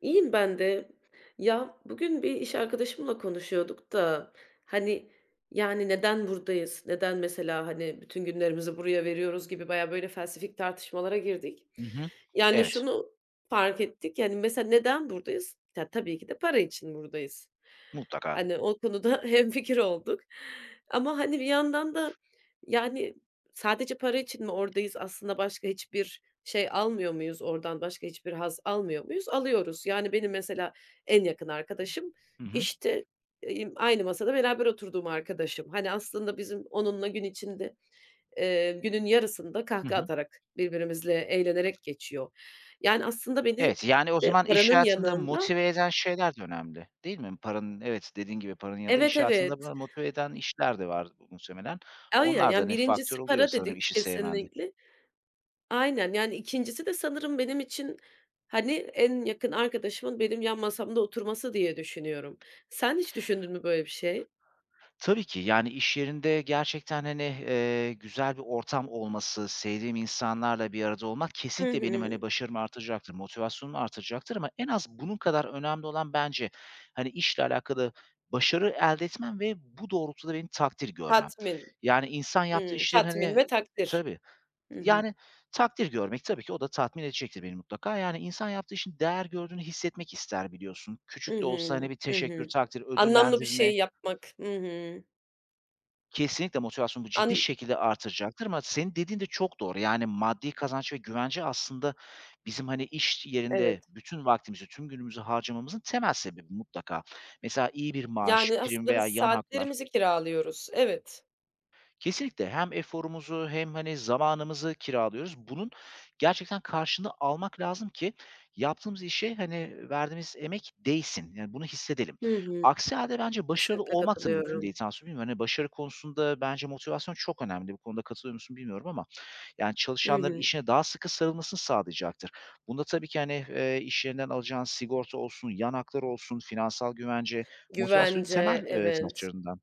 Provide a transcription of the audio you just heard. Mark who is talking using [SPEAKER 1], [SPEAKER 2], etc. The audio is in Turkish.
[SPEAKER 1] İyiyim ben de. Ya, bugün bir iş arkadaşımla konuşuyorduk da, hani, yani, "Neden buradayız, neden mesela, hani, bütün günlerimizi buraya veriyoruz?" gibi bayağı, böyle, felsefik tartışmalara girdik.
[SPEAKER 2] Hı hı.
[SPEAKER 1] Yani,
[SPEAKER 2] Evet.
[SPEAKER 1] şunu fark ettik, yani, mesela neden buradayız? Ta tabii ki de para için buradayız.
[SPEAKER 2] Mutlaka.
[SPEAKER 1] Hani, o konuda hemfikir olduk. Ama, hani, bir yandan da, yani, sadece para için mi oradayız? Aslında başka hiçbir şey almıyor muyuz oradan? Başka hiçbir haz almıyor muyuz? Alıyoruz. Yani, benim mesela en yakın arkadaşım,
[SPEAKER 2] Hı hı.
[SPEAKER 1] işte, eee, emm, aynı masada beraber oturduğum arkadaşım. Hani, aslında bizim onunla gün içinde eee, günün yarısında
[SPEAKER 2] Hı
[SPEAKER 1] kahkaha
[SPEAKER 2] hı.
[SPEAKER 1] atarak, birbirimizle eğlenerek geçiyor. Yani aslında beni
[SPEAKER 2] Evet. Yani, o
[SPEAKER 1] de
[SPEAKER 2] zaman iş
[SPEAKER 1] paranın
[SPEAKER 2] hayatında
[SPEAKER 1] yanında
[SPEAKER 2] motive eden şeyler de önemli, değil mi? Paranın Evet, dediğin gibi paranın ya da
[SPEAKER 1] Evet,
[SPEAKER 2] iş
[SPEAKER 1] evet.
[SPEAKER 2] hayatında böyle motive eden
[SPEAKER 1] [unintelligible]
[SPEAKER 2] işler de var muhtemelen.
[SPEAKER 1] Ay ya,
[SPEAKER 2] Onlar da,
[SPEAKER 1] yani
[SPEAKER 2] hani, faktör
[SPEAKER 1] 1'incisi
[SPEAKER 2] oluyor
[SPEAKER 1] para
[SPEAKER 2] sanırım
[SPEAKER 1] dedik
[SPEAKER 2] işi sevmende.
[SPEAKER 1] kesinlikle. Aynen. Yani, 2'ncisi de sanırım benim için, hani, en yakın arkadaşımın benim yan masamda oturması diye düşünüyorum. Sen hiç düşündün mü böyle bir şey?
[SPEAKER 2] Tabii ki. Yani, iş yerinde gerçekten, hani, eee, güzel bir ortam olması, sevdiğim insanlarla bir arada olmak
[SPEAKER 1] Hı
[SPEAKER 2] kesinlikle benim, hani,
[SPEAKER 1] hı.
[SPEAKER 2] başarımı artıracaktır, motivasyonumu artıracaktır. Ama en az bunun kadar önemli olan bence, hani, işle alakalı başarı elde etmem ve bu doğrultuda benim takdir görmem.
[SPEAKER 1] Tatmin.
[SPEAKER 2] Yani insan yaptığı
[SPEAKER 1] Imm,
[SPEAKER 2] işlerin,
[SPEAKER 1] tatmin
[SPEAKER 2] hani
[SPEAKER 1] ve takdir.
[SPEAKER 2] Tabii.
[SPEAKER 1] Hı
[SPEAKER 2] T
[SPEAKER 1] hı.
[SPEAKER 2] yani, takdir görmek tabii ki o da tatmin edecektir beni mutlaka. Yani, insan yaptığı işin değer gördüğünü hissetmek ister, biliyorsun.
[SPEAKER 1] I
[SPEAKER 2] Küçük de olsa hani
[SPEAKER 1] hı.
[SPEAKER 2] bir
[SPEAKER 1] I
[SPEAKER 2] teşekkür,
[SPEAKER 1] hı.
[SPEAKER 2] takdir,
[SPEAKER 1] Anlamlı bir
[SPEAKER 2] ödüllendirme.
[SPEAKER 1] şeyi yapmak. I hı.
[SPEAKER 2] Kesinlikle motivasyonumu bu ciddi
[SPEAKER 1] An
[SPEAKER 2] şekilde artıracaktır. Ama senin dediğin de çok doğru. Yani maddi kazanç ve güvence aslında bizim, hani, iş
[SPEAKER 1] Evet.
[SPEAKER 2] yerinde bütün vaktimizi, tüm günümüzü harcamamızın temel sebebi mutlaka. Mesela iyi bir maaş,
[SPEAKER 1] Yani,
[SPEAKER 2] prim
[SPEAKER 1] aslında biz
[SPEAKER 2] veya yan haklar.
[SPEAKER 1] saatlerimizi kiralıyoruz. Evet.
[SPEAKER 2] Kesinlikle hem eforumuzu hem, hani, zamanımızı kiralıyoruz. Bunun gerçekten karşılığını almak lazım ki yaptığımız işe, hani, verdiğimiz emek değsin. Yani bunu hissedelim.
[SPEAKER 1] Hı hı.
[SPEAKER 2] Aksi hâlde bence başarılı
[SPEAKER 1] Kesinlikle
[SPEAKER 2] olmak da mümkün
[SPEAKER 1] katılıyorum.
[SPEAKER 2] değil, [unintelligible] hani, başarı konusunda bence motivasyon çok önemli. Bu konuda katılıyor musun, bilmiyorum ama. Yani,
[SPEAKER 1] I
[SPEAKER 2] çalışanların
[SPEAKER 1] hı.
[SPEAKER 2] işine daha sıkı sarılmasını sağlayacaktır. Bunda tabii ki hani, eee, iş yerinden alacağın sigorta olsun, yan haklar olsun, finansal güvence motivasyonun
[SPEAKER 1] Güvence,
[SPEAKER 2] temel, eee,
[SPEAKER 1] evet.
[SPEAKER 2] taşlarından.